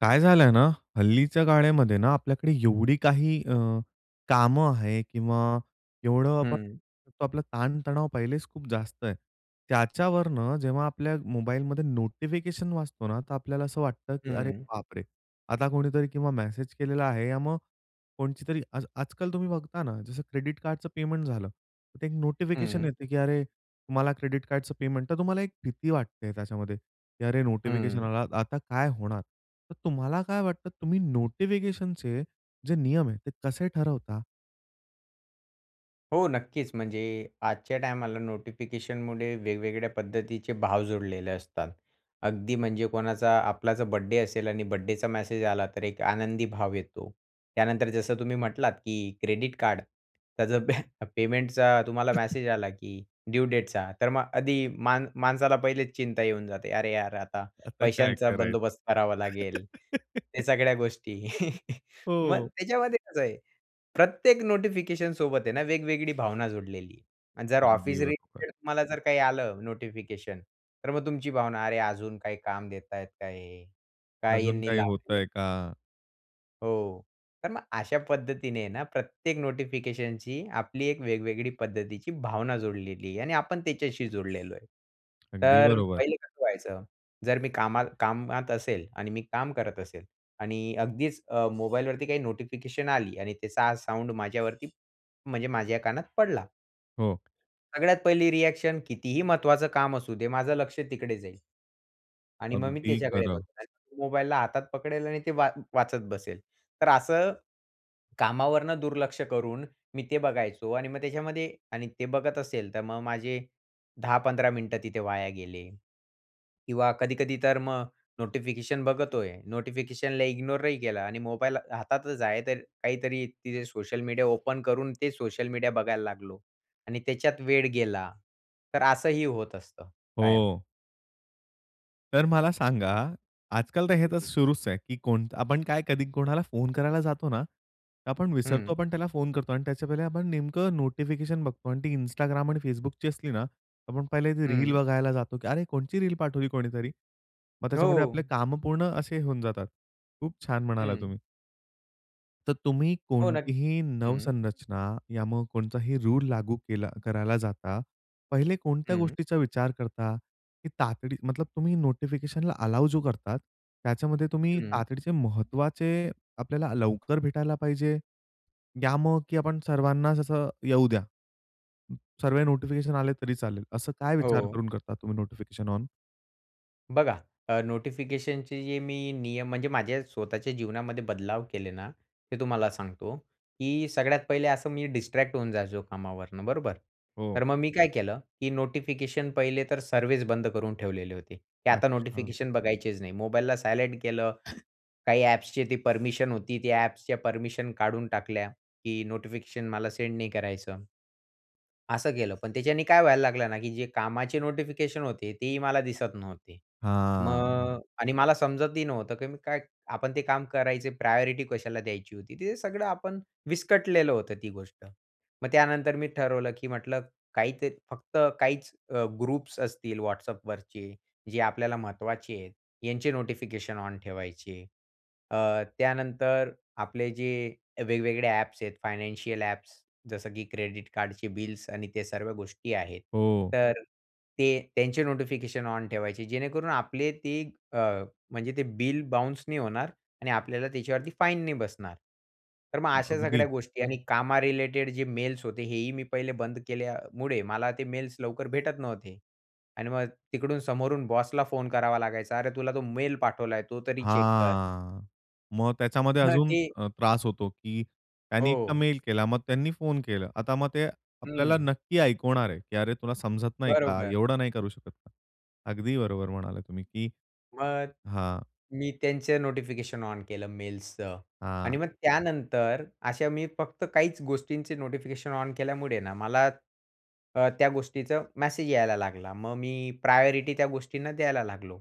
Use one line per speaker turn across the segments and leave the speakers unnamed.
काय झालंय ना, हल्लीच्या गाण्यामध्ये ना आपल्याकडे एवढी काही अ, कामं आहे किंवा एवढं आपण
हं.
आपला ताणतणाव पहिलेच खूप जास्त आहे. त्याच्यावरनं जेव्हा आपल्या मोबाईलमध्ये नोटिफिकेशन वाजतो ना तर आपल्याला असं वाटतं, की अरे,
हं.
बापरे! आता कोणीतरी किंवा मेसेज केलेला आहे या मग, कोणाची तरी आज आजकाल तुम्ही बघता ना, जसं क्रेडिट कार्डचं पेमेंट झालं, तर ते एक नोटिफिकेशन
हं.
येतं की अरे तुम्हाला क्रेडिट कार्डचं पेमेंट. तर तुम्हाला एक भीती वाटते त्याच्यामध्ये की अरे नोटिफिकेशन
हं.
आला, आता काय होणार? तर तुम्हाला काय वाटतं तुम्ही नोटिफिकेशनचे जे नियम आहे ते कसे ठरवता?
हो. नक्कीच. म्हणजे आजच्या टायमाला नोटिफिकेशनमुळे वेगवेगळ्या पद्धतीचे भाव जोडलेले असतात. अगदी म्हणजे कोणाचा आपला जर बर्थडे असेल आणि बर्थडे मॅसेज आला तर एक आनंदी भाव येतो. त्यानंतर जसं तुम्ही म्हटलात, की क्रेडिट कार्ड त्याचं पे पेमेंटचा तुम्हाला मॅसेज आला की ड्यू डेटचा तर मग आधी मा माणसाला पहिलेच चिंता येऊन जाते, अरे, यार! आता
आता काय
पैशांचा बंदोबस्त करावा
करायचं?
लागेल या सगळ्या गोष्टी. मग
हो.
त्याच्यामध्ये कसं आहे प्रत्येक नोटिफिकेशन सोबत आहे ना वेगवेगळी भावना जोडलेली आणि जर
अगदी
ऑफिस
बरोबर.
रिलेटेड तुम्हाला जर काही आलं नोटिफिकेशन तर मग तुमची भावना अरे अजून काही काम देतायेत का हे? काय
अजून
यांनी
काही
लावलेलं
होतंय
आहे.
का?
हो. तर मग अशा पद्धतीने ना प्रत्येक नोटिफिकेशनची, आपली एक वेगवेगळी पद्धतीची भावना जोडलेली आहे आणि आपण त्याच्याशी जोडलेलो आहे.
अगदी
तर
बरोबर.
पहिले कसं व्हायचं, जर मी कामात कामात असेल आणि मी काम करत असेल आणि अगदीच अ, मोबाईलवरती काही नोटिफिकेशन आली आणि त्याचा साउंड माझ्यावरती, म्हणजे माझ्या कानात पडला.
हो.
सगळ्यात पहिली रिअॅक्शन कितीही महत्त्वाचं काम असू दे. माझं लक्ष तिकडे जाईल. आणि मग मी
अगदी
त्याच्याकडे
खरं.
बघणार. मोबाईलला हातात पकडेल आणि ते वा वाचत बसेल. तर असं कामावरनं दुर्लक्ष करून मी ते बघायचो. आणि मग त्याच्यामध्ये आणि ते बघत असेल तर मग माझे 10-15 मिनिटं तिथे वाया गेले किंवा कधी-कधी तर मग नोटिफिकेशन बघतोय, नोटिफिकेशनला इग्नोरही केलं आणि मोबाईल हातातच आहे तर काहीतरी तिथे सोशल मीडिया ओपन करून ते सोशल मीडिया बघायला लागलो आणि त्याच्यात वेळ गेला तर असंही होत असतं कायम.
हो. तर मला सांगा, आजकाल तर हे
हं,
तर
हं.
सुरूच आहे, की कोणता आपण काय कधी कोणाला फोन करायला जातो ना, तर आपण विसरतो
हं.
पण त्याला फोन करतो आणि त्याच्या पहिले आपण नेमकं नोटिफिकेशन बघतो आणि ती Instagram आणि Facebookची असली ना, आपण पहिले रील
हं.
बघायला जातो, की अरे, कोणची रील पाठवली कोणीतरी. मग त्याच्यामध्ये आपले
हो.
कामं पूर्ण असे होऊन जातात. खूप छान म्हणालात
हं.
तुम्ही. तर तुम्ही
हो, नक्की
कोणतीही
हं.
नवसंरचना या मग कोणताही रूल लागू केला करायला जाता, पहिले कोणत्या
हं.
गोष्टीचा विचार करता? की तातडी मतलब, तुम्ही नोटिफिकेशनला अलाउ जो करतात त्याच्यामध्ये तुम्ही
हं.
तातडीचे महत्त्वाचे, आपल्याला लवकर भेटायला पाहिजे, या मग की आपण सर्वांनाच असं, येऊ द्या सर्व नोटिफिकेशन्स आले तरी चालेल. असं काय विचार
हो.
करून करता तुम्ही नोटिफिकेशन्स ऑन?
बघा, अ, नोटिफिकेशनचे जे मी नियम म्हणजे माझ्या स्वतःच्या जीवनामध्ये बदलाव केले ना, ते तुम्हाला सांगतो. की सगळ्यात पहिले असं मी डिस्ट्रॅक्ट होऊन जायचो कामावरनं बरोबर.
हो.
तर मग मी काय केलं, की नोटिफिकेशन पहिले तर सर्विस बंद करून ठेवलेले होते. की आता
अच्छा.
नोटिफिकेशन बघायचेच नाही, मोबाईलला सायलेंट केलं. काही एप्सची ती परमिशन होती ती एप्सच्या, परमिशन काढून टाकल्या. की नोटिफिकेशन मला सेंड नाही करायचं. असं केलं, पण त्याच्याने काय व्हायला लागलं ना, की जे कामाचे नोटिफिकेशन होते तेही मला दिसत नव्हते.
हां.
मग आणि मला समजतही नव्हतं, की मी काय आपण ते काम करायचे प्रायोरिटी कशाला द्यायची होती. तिथे सगळं आपण, विस्कटलेलं होतं ती गोष्ट. मग त्यानंतर मी ठरवलं की म्हटलं, काही ते फक्त काहीच अ, ग्रुप्स असतील WhatsAppवरचे, जे आपल्याला महत्त्वाचे आहेत. यांचे नोटिफिकेशन ऑन ठेवायचे. अ, त्यानंतर आपले जे, वेगवेगळे एप्स आहेत फायनान्शियल एप्स, जसं की क्रेडिट कार्डचे बिल्स आणि ते सर्व गोष्टी आहेत.
हो.
तर, ते त्यांचे नोटिफिकेशन ऑन ठेवायचे जेणेकरून आपले ते, अ, म्हणजे ते बिल बाउन्स नाही होणार. आणि आपल्याला त्याच्यावरती फाईन नाही बसणार. तर मग अशा सगळ्या
अगदी.
गोष्टी आणि कामा रिलेटेड जे मेल्स होते हे, ही मी पहिले बंद केल्यामुळे, मला ते मेल्स लवकर भेटत नव्हते. आणि मग तिकडून समोरून बॉसला फोन करावा लागायचा अरे, तुला तो मेल पाठवलाय तो तरी चेक कर.
हां. मग त्याच्यामध्ये
हं,
अजून
ते
अ, त्रास होतो, की त्यांनी एकदा
हो.
मेल केला, मग त्यांनी फोन केला आता मग ते, आपल्याला
हं.
नक्की ऐकवणार आहे. की "अरे! तुला समजत नाही का?
बरोबर.
एवढं नाही करू शकत का?" अगदी बरोबर म्हणाला तुम्ही, की
मग.
हां.
मी त्यांचं नोटिफिकेशन ऑन केलं मेल्सचं.
हां.
आणि मग त्यानंतर अशा मी फक्त काहीच गोष्टींचे नोटिफिकेशन ऑन केल्यामुळे ना मला अ, त्या गोष्टीचा मेसेज यायला लागला. मग मी प्रायोरिटी त्या गोष्टींना द्यायला लागलो.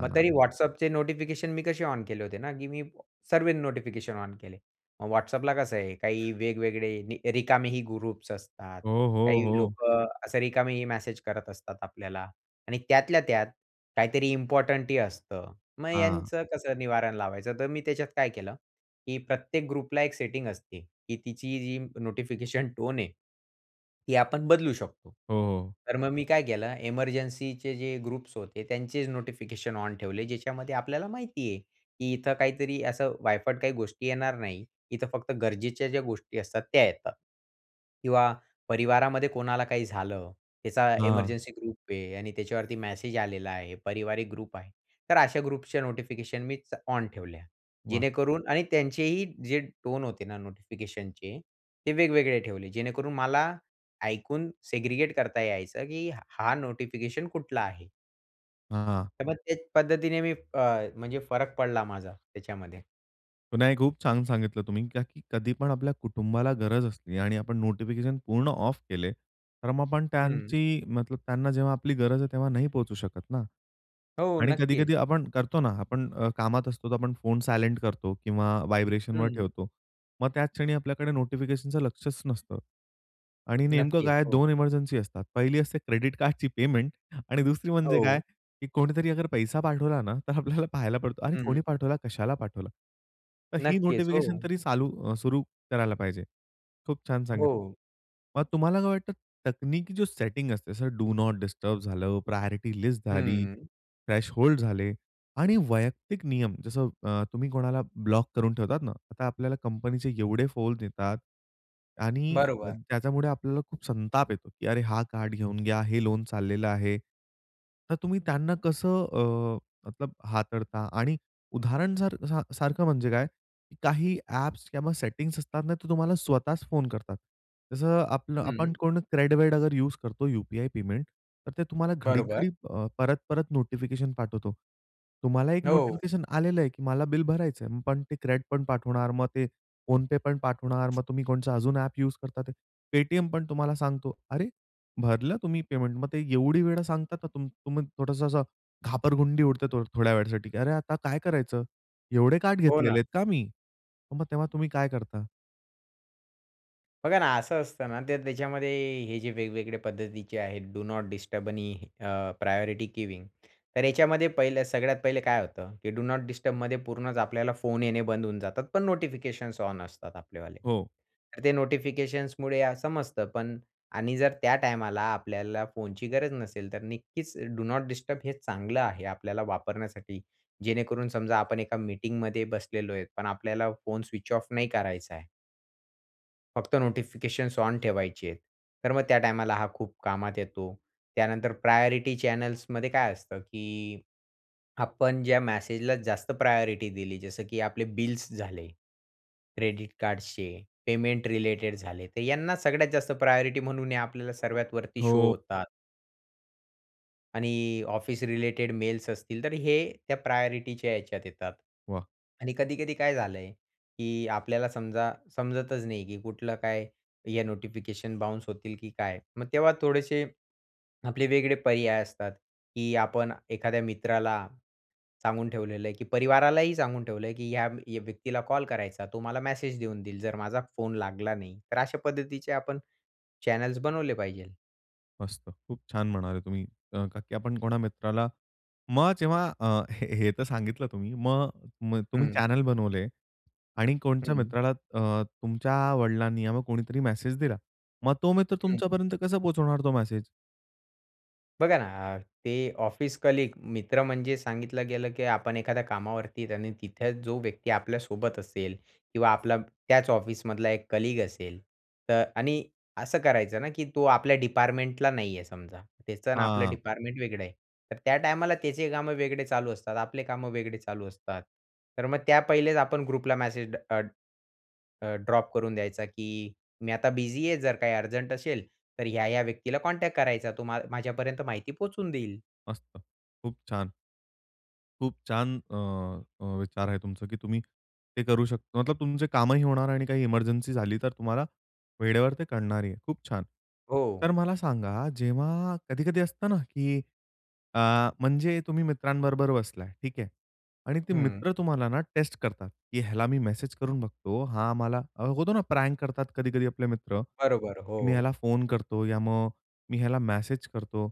मग तरी WhatsAppचे नोटिफिकेशन मी कसे ऑन केले होते ना, की मी, सर्व नोटिफिकेशन ऑन केले. WhatsAppला कसं आहे काही वेगवेगळे रिकामे ही ग्रुप्स असतात.
हो, हो,
काही
हो.
लोकं असे रिकामेही मेसेज करत असतात आपल्याला. आणि त्यातल्या त्यात, काहीतरी इम्पोर्टंटही असतं. मग
हां.
यांचं कसं निवारण लावायचं तर मी त्याच्यात काय केलं, की प्रत्येक ग्रुपला एक सेटिंग असते, की तिची जी नोटिफिकेशन टोन आहे ती आपण बदलू शकतो.
हो.
तर मग मी काय केलं एमर्जन्सी चे जे ग्रुप्स होते त्यांचे नोटिफिकेशन ऑन ठेवले ज्याच्यामध्ये आपल्याला माहिती आहे, की इथं काहीतरी असं वायफट काही गोष्टी येणार नाही, इथं फक्त गरजेच्या ज्या गोष्टी असतात त्या येतात. किंवा परिवारामध्ये कोणाला काही झालं, त्याचा
हां.
एमर्जन्सी ग्रुप आहे आणि त्याच्यावरती मॅसेज आलेला आहे, पारिवारिक ग्रुप आहे. तर अशा ग्रुपच्या नोटिफिकेशन मीच ऑन ठेवल्या
वाह!
जेणेकरून आणि त्यांचेही जे टोन होते ना नोटिफिकेशनचे ते वेगवेगळे ठेवले जेणेकरून मला, ऐकून सेग्रीगेट करता यायचं की हा नोटिफिकेशन कुठला आहे.
हां, हां.
तर मग त्याच पद्धतीने मी अ, म्हणजे फरक पडला माझा त्याच्यामध्ये.
नाही खूप छान सांगितलं तुम्ही का, की कधी पण आपल्या कुटुंबाला गरज असली आणि आपण नोटिफिकेशन पूर्ण ऑफ केले तर मग, आपण
हं.
त्यांची मतलब त्यांना जेव्हा आपली गरज आहे तेव्हा नाही पोहचू शकत ना.
हो
आणि
नक्कीच.
कधी-कधी आपण करतो ना आपण अ, कामात असतो तर, आपण फोन सायलंट करतो किंवा वायब्रेशनवर
हं.
ठेवतो. मग त्याच क्षणी आपल्याकडे नोटिफिकेशनचं लक्षच नसतं आणि नेमकं
नक्कीच
काय आहे
हो.
2 इमरजन्सी असतात, पहिली असते क्रेडिट कार्डची पेमेंट आणि दुसरी म्हणजे काय
हो.
की कोणीतरी अगर पैसा पाठवला ना, तर आपल्याला पाहायला पडतो अरे! कोणी
हं.
पाठवला कशाला पाठवलं? तर ही
नक्कीच.
नोटिफिकेशन
हो.
तरी चालू अ, सुरू करायला पाहिजे खूप छान सांगितलं.
हो.
मग तुम्हाला काय वाटतं, तकनिकी जो सेटिंग असते जसं डू नॉट डिस्टर्ब झालं, प्रायोरिटी लिस्ट झाली,
हं.
थ्रेशहोल्ड झाले आणि वैयक्तिक नियम, जसं अ, तुम्ही कोणाला ब्लॉक करून ठेवतात ना, आता आपल्याला कंपनीचे एवढे फोन येतात आणि
बरोबर.
त्याच्यामुळे आपल्याला खूप संताप येतो, की अरे हा कार्ड घेऊन घ्या, हे लोन चाललेलं आहे, तर तुम्ही त्यांना कसं अ, मतलब हाताळता? आणि उदाहरण सार सारखं म्हणजे काय, काही ॲप्स किंवा सेटिंग्स असतात ना तर तुम्हाला स्वतःच फोन करतात, जसं आपलं आपण
हं.
कोण CRED-वेड अगर यूज करतो यू-पी-आय पेमेंट, तर ते तुम्हाला घडीक
बरोबर.
घडी अ, परत-परत नोटिफिकेशन पाठवतो. तुम्हाला एक
हो.
नोटिफिकेशन आलेलं आहे, की मला बिल भरायचंय, पण ते CREDपण पाठवणार, मग ते PhonePe पण पाठवणार, मग तुम्ही कोणच अजून ॲप्स यूज करतातेय. Paytm पण तुम्हाला सांगतो, अरे! भरलं तुम्ही पेमेंट मग ते एवढी वेळा सांगतात, तर तुम तुम्ही थोडंसं असं घाबरगुंडी उडते थो थोड्या वेळासाठी, की अरे आता काय करायचं? एवढे कार्ड
हो ना.
घेतलेले आहेत का मी? मग तेव्हा तुम्ही काय करता?
बघा ना, असं असतं ना तर त्याच्यामध्ये हे जे वेगवेगळ्या पद्धतीचे आहेत, डू नॉट डिस्टर्ब आणि अ, प्रायोरिटी गिविंग तर याच्यामध्ये पहिलं सगळ्यात पहिले काय होतं, की डू नॉट डिस्टर्बमध्ये पूर्णच आपल्याला फोन येणे बंद होऊन जातात, पण नोटिफिकेशन्स ऑन असतात आपल्यावाले.
हो.
तर ते नोटिफिकेशन्समुळे समजतं पण आणि जर त्या टायमाला आपल्याला फोनची गरज नसेल, तर नक्कीच डू नॉट डिस्टर्ब हे चांगलं आहे आपल्याला वापरण्यासाठी, जेणेकरून समजा आपण एका मीटिंगमध्ये बसलेलोय पण आपल्याला फोन स्विच ऑफ नाही करायचाय. फक्त नोटिफिकेशन्स ऑन ठेवायचे, तर मग त्या टायमाला हा खूप कामात येतो. त्यानंतर प्रायोरिटी चॅनल्समध्ये काय असतं, की आपण ज्या मेसेजला जास्त प्रायोरिटी दिली, जसं की आपले बिल्स झाले, क्रेडिट कार्ड्सचे, पेमेंट रिलेटेड झाले, तर यांना सगळ्यात जास्त प्रायोरिटी म्हणून हे आपल्याला सर्वात वरती शो
हो.
होतात. आणि ऑफिस रिलेटेड मेल्स असतील, तर हे त्या प्रायोरिटीच्या ह्याच्यात येतात.
वाह!
आणि कधी-कधी काय झालंय की आपल्याला समजा, समजतच नाही की कुठलं काय, या नोटिफिकेशन बाउन्स होतील की काय, मग तेव्हा थोडेसे आपले वेगळे पर्याय असतात, की आपण एखाद्या मित्राला सांगून ठेवलेलं आहे, की परिवारालाही सांगून ठेवलं आहे, की या व्यक्तीला कॉल करायचा, तो मला मेसेज देऊन देईल, जर माझा फोन लागला नाही. तर अशा पद्धतीचे आपण चॅनल्स बनवले पाहिजेत.
मस्त. खूप छान म्हणाले तुम्ही का, की आपण कोणा मित्राला मग जेव्हा अ, हे हे तर सांगितलं तुम्ही. मग तुम्ही
हं.
चॅनेल बनवले आणि कोणच्या
हं.
मित्राला अ, तुमच्या वडिलांनी या मग कोणीतरी मेसेज दिला. मग तो मित्र
हं.
तुमच्यापर्यंत कसा पोहोचवणार तो मेसेज?
बघा ना अ, ते ऑफिस कलीग मित्र म्हणजे सांगितलं गेलं, की आपण एखाद्या कामावरती आणि तिथे जो व्यक्ती आपल्यासोबत असेल किंवा आपला त्याचं ऑफिसमधला एक कलीग असेल, तर आणि असं करायचं ना, की तो आपल्या डिपार्टमेंटला नाही आहे समजा, त्याचं न आपलं
हां.
डिपार्टमेंट वेगळं आहे. तर त्या टायमाला त्याचे कामं वेगळे चालू असतात, आपले कामं वेगळे चालू असतात. तर मग त्या पहिलेचं आपण ग्रुपला मॅसेज ड अ, ड अ ड्रॉप करून द्यायचा, की "मी आता बिझी आहे जर काही अर्जंट असेल, तर ह्या ह्या व्यक्तीला कॉन्टॅक्ट करायचा. तो मा माझ्यापर्यंत माहिती पोहोचवून देईल."
मस्त. खूप छान. खूप छान. अ, अ, विचार आहे तुमचं, की तुम्ही, ते करू शकत मतलब तुमचे कामही होणार आणि काही एमर्जन्सी झाली तर तुम्हाला, वेळेवर ते कळणार आहे. खूप छान.
हो.
तर मला सांगा, जेव्हा कधी-कधी असतं ना, की अ, म्हणजे तुम्ही मित्रांबरोबर बसलाय ठीक आहे. आणि ते
हं.
मित्र तुम्हाला ना, टेस्ट करतात, की ह्याला मी मेसेज करून बघतो. हां, आम्हाला होतो ना प्रॅन्क करतात कधी-कधी आपले मित्र
बरोबर,
मी ह्याला
हो.
फोन करतो, या मग मी ह्याला मेसेज करतो.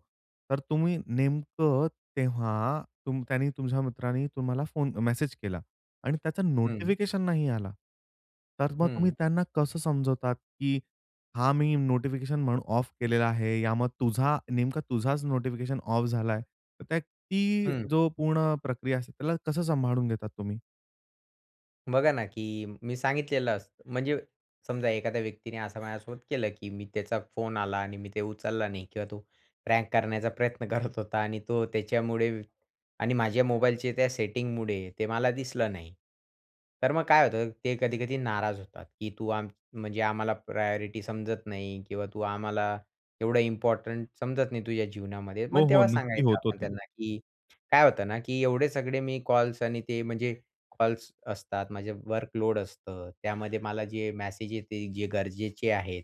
तर तुम्ही नेमकं तेव्हा तुम त्यांनी तुमच्या मित्राने तुम्हाला फोन मेसेज केला आणि त्याचा
हं.
नोटिफिकेशन नाही आला. तर मग तुम्ही
हं.
त्यांना कसं समजवतात, की हा मी नोटिफिकेशन म्हणून ऑफ केलेला आहे. यामुळे तुझा नेमका तुझाचं नोटिफिकेशन ऑफ झालाय तर त्या ती
हं.
जो पूर्ण प्रक्रिया असते त्याला कसं सांभाळून घेतात तुम्ही?
बघा ना, की मी सांगितलेलं असतं. म्हणजे समजा एखाद्या व्यक्तीने असं माझ्यासोबत केलं, की मी त्याचा फोन आला आणि मी ते उचलला नाही किंवा तो प्रँक करण्याचा प्रयत्न करत होता आणि तो त्याच्यामुळे आणि माझ्या मोबाईलचे त्या सेटिंगमुळे ते मला दिसलं नाही. तर मग काय होतं, ते कधी-कधी नाराज होतात. की तू आम म्हणजे आम्हाला प्रायॉरिटी समजत नाही किंवा तू आम्हाला एवढं इम्पॉर्टंट समजत नाही तुझ्या जीवनामध्ये,
हो,
मग
हो.
तेव्हा
नक्की
सांगायचं
होतो
आपण
ते.
त्यांना की काय होतं ना की एवढे सगळे मी कॉल्स आणि ते म्हणजे कॉल्स असतात, म्हणजे वर्कलोड असतं, त्यामध्ये मला जे मॅसेज येते जे गरजेचे आहेत.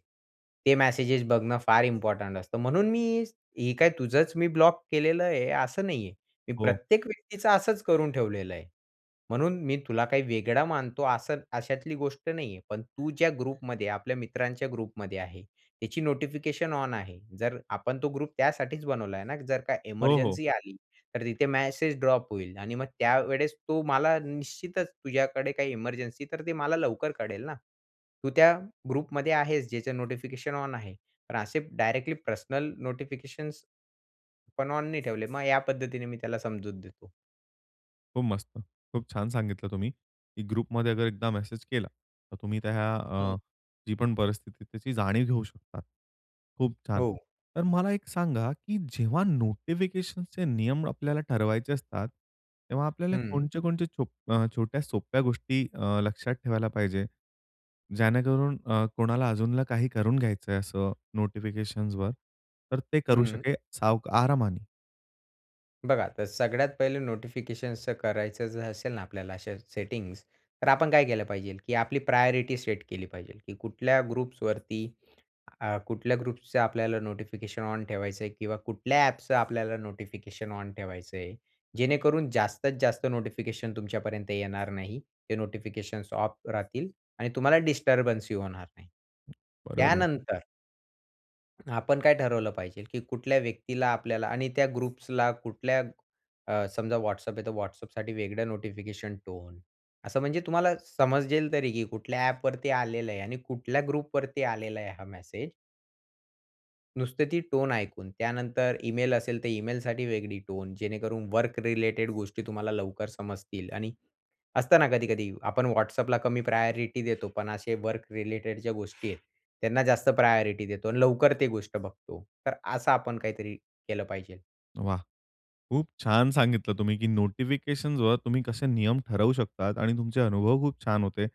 ते मॅसेजेस बघणं फार इम्पॉर्टंट असतं. म्हणून मी हे काय तुझंच मी ब्लॉक केलेलं आहे असं नाही आहे. मी
हो.
प्रत्येक व्यक्तीचं असंच करून ठेवलेलं आहे. म्हणून मी तुला काही वेगळं मानतो, असं अशातली गोष्ट नाही आहे, पण तू ज्या ग्रुपमध्ये आपल्या मित्रांच्या ग्रुपमध्ये आहे, त्याची नोटिफिकेशन ऑन आहे. जर आपण तो ग्रुप त्यासाठीच बनवलाय ना, जर काही
हो, हो.
इमर्जन्सी आली तर तिथे मॅसेज ड्रॉप होईल आणि मग त्यावेळेस तो मला निश्चितच तुझ्याकडे काही इमर्जन्सी तर ते मला लवकर कळेल ना, तू त्या ग्रुपमध्ये आहेस ज्याचं नोटिफिकेशन ऑन आहे. पण असे डायरेक्टली पर्सनल नोटिफिकेशन्स पण ऑन नी ठेवले मग या पद्धतीने मी त्याला समजूत देतो.
खूप मस्त. खूप छान सांगितलं तुम्ही, की ग्रुप मध्ये जर एकदा मेसेज केला तर तुम्ही त्या
हं.
अ, जी पण परिस्थिती आहे त्याची जाणीव घेऊ शकता. खूप छान
हो.
तर मला एक सांगा, की जेव्हा नोटिफिकेशन चे नियम आपल्याला ठरवायचे असतात, तेव्हा आपल्याला
हं.
कोणत्या-कोणत्या छो अ, छोट्या सोप्या गोष्टी अ, लक्षात ठेवायला पाहिजे. जेणेकरून अ, कोणाला अजून काही करून घ्यायचंय असं नोटिफिकेशनवर तर ते करू
हं.
शके साव आरामाने.
बघा, तर सगळ्यात पहिलं नोटिफिकेशन करायचं असेल ना आपल्याला अशा सेटिंग्स तर आपण काय केलं पाहिजे की आपली प्रायोरिटी सेट केली पाहिजे की कुठल्या ग्रुप्स वरती अ, कुठल्या ग्रुप्सच आपल्याला नोटिफिकेशन ऑन ठेवायचं आहे किंवा कुठल्या एपचं आपल्याला नोटिफिकेशन ऑन ठेवायचं आहे. जेणेकरून जास्तीत जास्त नोटिफिकेशन तुमच्यापर्यंत येणार नाही ते नोटिफिकेशन्स ऑफ राहतील आणि तुम्हाला डिस्टर्बन्स ही होणार नाही.
बरोबर.
त्यानंतर आपण काय ठरवलं पाहिजेल, की कुठल्या व्यक्तीला आपल्याला आणि त्या ग्रुप्सला कुठल्या अ, समजा WhatsApp आहे, तर WhatsAppसाठी वेगळं नोटिफिकेशन टोन असं म्हणजे तुम्हाला समजेल तरी की कुठल्या एप वरती आलेलं आहे आणि कुठल्या ग्रुप वरती आलेला आहे हा मेसेज? नुसते ती टोन ऐकून, त्यानंतर ईमेल असेल तर ईमेलसाठी वेगळी टोन जेणेकरून वर्क रिलेटेड गोष्टी तुम्हाला लवकर समजतील आणि असतं ना कधी-कधी आपण WhatsAppला कमी प्रायोरिटी देतो पण असे वर्क रिलेटेड ज्या गोष्टी आहेत, त्यांना जास्त प्रायोरिटी देतो आणि लवकर ते गोष्ट बघतो तर असं आपण काहीतरी केलं पाहिजे.
वाह! खूप छान सांगितलं तुम्ही, की नोटिफिकेशन्स वर तुम्ही कसे नियम ठरवू शकतात आणि तुमचे अनुभव खूप छान होते.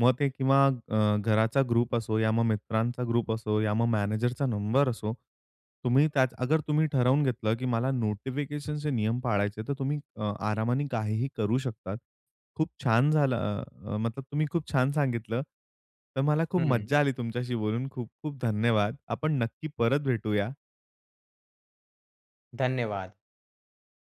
मग ते किंवा अ, घराचा ग्रुप असो या मग मित्रांचा ग्रुप असो, या मग मॅनेजरचा नंबर असो, तुम्ही त्याच अगर तुम्ही ठरवून घेतलं की मला नोटिफिकेशनचे नियम पाळायचे तर तुम्ही अ, आरामाने काहीही करू शकतात. खूप छान झालं अ, मतलब तुम्ही खूप छान सांगितलं, तर मला खूप
हं.
मज्जा आली तुमच्याशी बोलून खूप-खूप धन्यवाद. आपण नक्की परत भेटूया.
धन्यवाद.